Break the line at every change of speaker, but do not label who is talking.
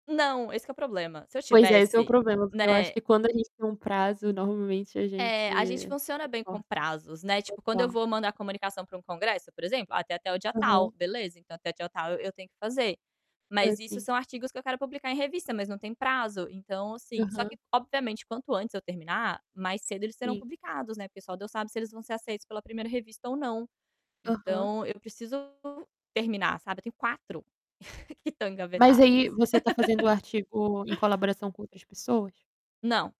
Não, esse que é o problema. Se eu
Pois é, esse é o
tivesse,
problema, porque eu acho
né.
que quando a gente tem um prazo, normalmente a
É, a gente
gente
funciona bem com
suporta.
prazos, né. Tipo, quando eu
Total.
vou mandar comunicação para um congresso, por exemplo: "Ah, tem até o dia
Aham.
tal. Beleza, então até o dia tal eu eu tenho que fazer",
Foi
mas isso
assim.
são artigos que eu quero publicar em revista, mas não tem prazo. Então, assim, só
Aham.
que obviamente quanto antes eu terminar, mais cedo eles serão
Sim.
publicados, né. Porque só Deus sabe se eles vão ser aceitos pela 1ª revista ou não.
Aham.
Então eu preciso terminar, sabe. Eu tenho 4 que estão
Mas aí
engavetados.
você tá fazendo o artigo em colaboração com outras pessoas?
Não.